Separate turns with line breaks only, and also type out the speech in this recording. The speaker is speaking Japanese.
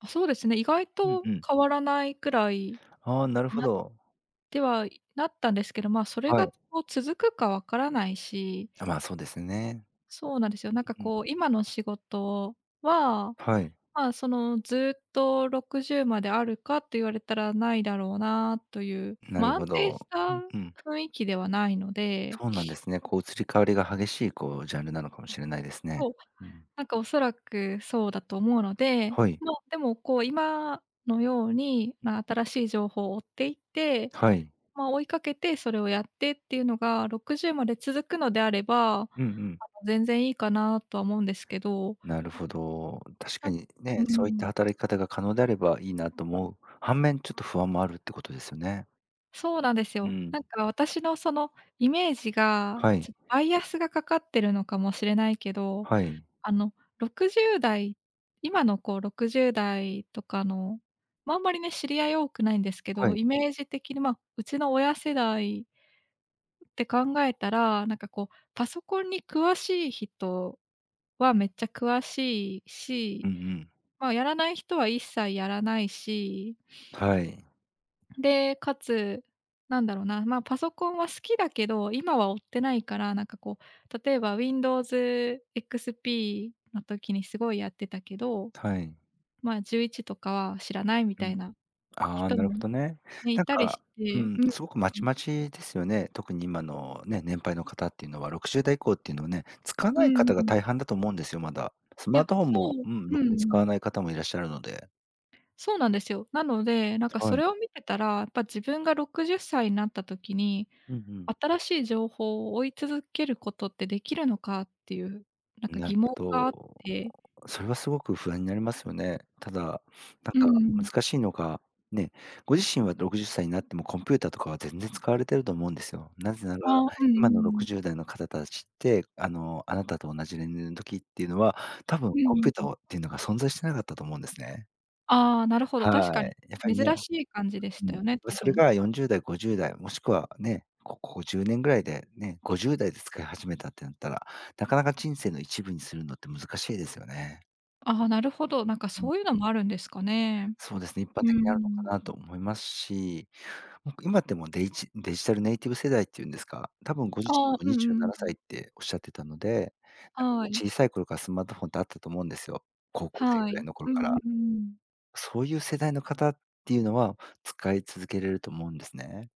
あ、そうですね。意外
うん
と
うん。
変わらないくらい
ああ、なる
に
ほ
なっ
ど。
てはなったんですけど、ま、それ
はい。
が、こう、続くかわからないし。
あ、まあ、そうですね。
そうなんですよ。なんか、
うんうん。
こう、今の仕事は、
はい。
まあ、その、ずっと60まであるかって言われたらないだろうなという、
なる
ま、安
ほ
定
ど。
し
う
た
んうん。
雰囲気ではないので。
そうなんで すね、こう、移り変わりが激しい、こう、ジャンルなのかもしれないですね。
そう、
うん。
なんか、おそらくそうだと思うので、
はい。
まあ、でも、こう、今のように、まあ、新しい情報を追っていって、
はい。
ま、追いかけてそれをやってっていうのが60まで続くのであれば、あの、
うんうん。
全然いいかなとは思うんですけど。
なるほど。確
あ、
かに
うー
ね、そういった
ん。
働き方が可能であればいいなと思う反面、ちょっと不安もあるってことですよね。
そうなんです
う
よ。
ん。
なんか、私のそのイメージが、
は
ち
い。
ょっバイアスがかかってるのかもしれないけど、
はい。
あの、60代、今の、こう、60代とかの、ま、あんまりね、知り合い多くないんですけ
は
ど、
い。
イメージ的に、ま、うちの親世代って考えたら、なんか、こう、パソコンに詳しい人はめっちゃ詳しい
うん
し、
うん。
まあ、やらない人は一切やらないし。
はい。
で、かつ、なんだろうな、ま、パソコンは好きだけど、今は追ってないから、なんか、こう、例えば WindowsXP の時にすごいやってたけど、
たい。
ま、11とかは知らないみ
う
た
ん。
いな
ああ、
人
なるほ
も
どね。
ね、
な
い
ん
たりし
か、う
て、
ん、すごくまち
[unintelligible]
まちですよね。特に今のね、年配の方っていうのは60代以降っていうのはね、使わ
う
ない
ん
方
う
が
ん。
大半だと思うんですよ、まだ。スマー
や、
トフォン
そ
も
う。
うん、ろ
うんう
くに使わ
ん。
ない方もいらっしゃるので。
そうなんですよ。なので、なんか、そ
はい。
れを見てたら、やっぱ自分が60歳になった時に、
うんうん。
新しい情報を追い続けることってできるのか、っていう、なんか、
な
疑
る
問
ほ
があって。
ど。それはすごく不安になりますよね。ただ、
うー
なん
ん。
か難しいのが、ね、ご自身は60歳になってもコンピューターとかは全然使われていると思うんですよ。なぜなら
ああ、うんう
今のろ
んう
く
ん。
じゅうだいの方達って、あの、あなたと同じ年齢の時っていうのは、多分
うん
コン
う
ピ
ん
ュータ
う
ー
ん。
はっていうのが存在してなかったと思うんですね。
ああ、なるほど、確
はい。
かに。
やっぱ
珍
りね。
しい感じでし
うう
た
ん。
よね、多
それ
分。
が40代、50代、もしくはね、ここ10年ぐらいでね、50代で使い始めたってなったら、なかなか人生の一部にするのって難しいですよね。
ああ、なるほど、なんか、
うん。
そういうのもあるんですかね。
そうですね。一般
うー
的にあるのか
ん。
なと思いますし、なんか、今ってもうデイジデジタルネイティブ世代って言うんですか？多分ご自身
ああ、
も
う
に
んう
じ
ん
ゅう
う
な
ん
な
う
さいっ
ん。
ておっしゃってたので、なんかもう
はい。
小さい頃からスマートフォンってあったと思うんですよ。高校生
は
ぐらい
い。
の頃
う
か
ん
ら。
うんうん。
そういう世代の方っていうのは、使い続けれると思うんですね。